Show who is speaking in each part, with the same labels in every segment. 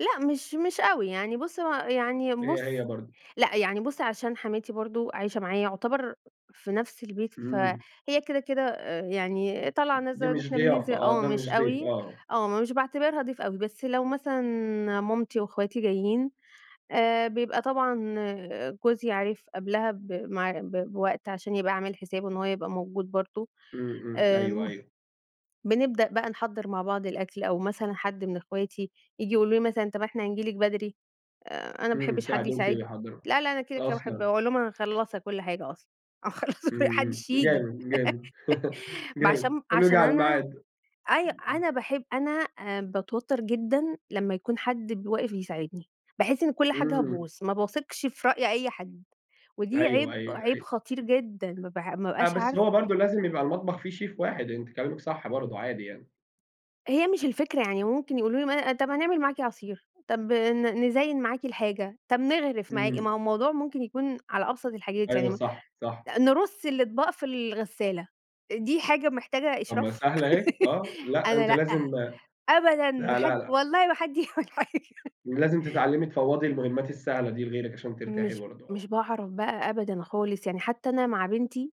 Speaker 1: لأ مش مش أوي، يعني بُصّ هو يعني
Speaker 2: هي،
Speaker 1: بُصّ
Speaker 2: هي، برضو.
Speaker 1: لأ يعني بُصّ، عشان حماتي برضو عايشة معايا يُعتبر في نَفس البيت،
Speaker 2: إمم.
Speaker 1: فهي كده، كده، آآ، يعني طالعة
Speaker 2: دي
Speaker 1: نازلة، آدي
Speaker 2: مش
Speaker 1: إحنا
Speaker 2: ضيافة
Speaker 1: بننزل
Speaker 2: آه
Speaker 1: آه
Speaker 2: ده
Speaker 1: مش
Speaker 2: مش ضيف
Speaker 1: أوي،
Speaker 2: آه.
Speaker 1: آه مش باعتبرها ضيف أوي، بس لو مثلًا مامتي وإخواتي جايين آآ، بيبقى طبعًا جوزي عارف قبلها ب مع ب بوقت عشان يبقى عامل حسابه إن هو يبقى موجود برضو،
Speaker 2: إمم، إمم، أيوه،
Speaker 1: آآ،
Speaker 2: أيوه.
Speaker 1: بنبدأ بقى نحضّر مع بعض الأكْل، أو مثلًا حد من إخواتي ييجي يقولوا لي مثلًا طب إحنا نيجي لِك بدري، آآ، أنا ما
Speaker 2: إمم،
Speaker 1: باحبش حد
Speaker 2: يساعدوكِ
Speaker 1: يساعدني
Speaker 2: ويحضّروا،
Speaker 1: لا لأ أنا كده، كده، باحب
Speaker 2: أصلًا!
Speaker 1: أقول لهم أنا مخلصة كُلّ حاجة أصلًا، آه مخلصة كلّ ما
Speaker 2: إمم،
Speaker 1: حدش
Speaker 2: امم،
Speaker 1: ييجي.
Speaker 2: جامد، جامد،
Speaker 1: ما
Speaker 2: جامد
Speaker 1: عشان
Speaker 2: كله جه
Speaker 1: عشان
Speaker 2: على
Speaker 1: أنا
Speaker 2: الميعاد. امم،
Speaker 1: أي أنا
Speaker 2: امم
Speaker 1: باحب أنا آآ، باتوتر جدًا لمّا يكون حد ب واقف يساعدني، باحس إن كُلّ حاجة
Speaker 2: إمم.
Speaker 1: هتبوظ، ما باثقش في رأي أي حد، ودي
Speaker 2: أيوه،
Speaker 1: عيب،
Speaker 2: أيوه،
Speaker 1: عيب
Speaker 2: أيوه.
Speaker 1: خطير جدًا، ما ب ما
Speaker 2: لأ
Speaker 1: بابقاش
Speaker 2: بس
Speaker 1: عارفة
Speaker 2: هو برضو لازم يبقى المطبخ فيه شيف واحد، أنتِ كلامِك صح برضو عادي يعني.
Speaker 1: هي مش الفكرة يعني ممكن يقولوا لي ما أنا طب هنعمل معاكِ عصير، طب ن نزين معاكِ الحاجة، طب نغرف معاكِ،
Speaker 2: إمم.
Speaker 1: ما هو الموضوع ممكن يكون على أبسط الحاجات يعني
Speaker 2: أيوه
Speaker 1: م
Speaker 2: صح صح.
Speaker 1: نرُصّ الأطباق في الغسالة، دي حاجة محتاجة
Speaker 2: طب ما هي
Speaker 1: إشراف؟
Speaker 2: سهلة أهي، آه، لأ
Speaker 1: أنا
Speaker 2: أنتِ
Speaker 1: لأ،
Speaker 2: لازم
Speaker 1: أبدًا ما
Speaker 2: لا، لا،
Speaker 1: حد
Speaker 2: لا.
Speaker 1: والله ما حد يعمل حاجة.
Speaker 2: لازم تتعلمي تفوّضي المهمات السهلة دي لغيرِك عشان ترتاحي
Speaker 1: مش
Speaker 2: برضو آه.
Speaker 1: مش باعرف بقى أبدًا خالص، يعني حتى أنا مع بنتي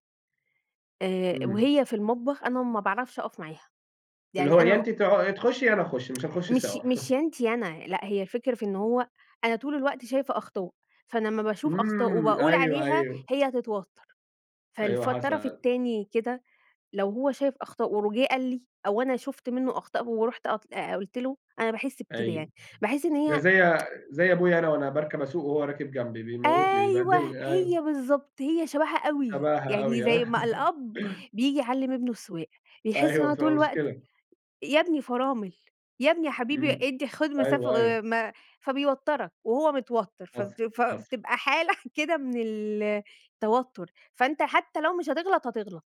Speaker 1: آآ،
Speaker 2: إمم.
Speaker 1: وهي في المطبخ أنا ما باعرفش أقف معاها،
Speaker 2: اللي هو
Speaker 1: يعني
Speaker 2: يا
Speaker 1: أنا
Speaker 2: أنتِ ت تخشي يا أنا أخش، مش هنخش
Speaker 1: مش
Speaker 2: سوا.
Speaker 1: مش يا أنتِ يا أنا، لأ هي الفكرة في إن هو أنا طول الوقت شايفة أخطاء، فأنا امّا باشوف أخطاء
Speaker 2: إمم،
Speaker 1: وباقول
Speaker 2: أيوه،
Speaker 1: عليها
Speaker 2: أيوه.
Speaker 1: هي هتتوتر،
Speaker 2: أيوه
Speaker 1: فالف الطرف
Speaker 2: حصل.
Speaker 1: التاني كده لو هو شايف أخطاء و وجه قال لي أو أنا شُفت منه أخطاء ورُحت أط آآ، قُلت له أنا باحس بكده
Speaker 2: أيوه،
Speaker 1: يعني، باحس إن
Speaker 2: ده
Speaker 1: هي
Speaker 2: زي زي أبويا أنا وأنا باركب أسوق وهو راكب جنبي، بيموتني،
Speaker 1: أيوه
Speaker 2: بيبهدلني، أيوه.
Speaker 1: هي بالضبط، هي شبهها أوي،
Speaker 2: شبهها
Speaker 1: يعني
Speaker 2: أوي
Speaker 1: زي ما
Speaker 2: ها؟
Speaker 1: الأب بييجي يعلّم ابنه السواقة بيحس إن
Speaker 2: أيوه
Speaker 1: هو
Speaker 2: بتبقى
Speaker 1: طول الوقت:
Speaker 2: مشكلة.
Speaker 1: يا ابني فرامل، يا ابني يا حبيبي
Speaker 2: إمم،
Speaker 1: إدي خد مسافة
Speaker 2: أيوه، أيوه.
Speaker 1: آآ م فبيوترك وهو متوتر
Speaker 2: حصل،
Speaker 1: فبت
Speaker 2: حصل.
Speaker 1: فبتبقى حالة كده من التوتر، فأنت حتى لو مش هتغلط، هتغلط.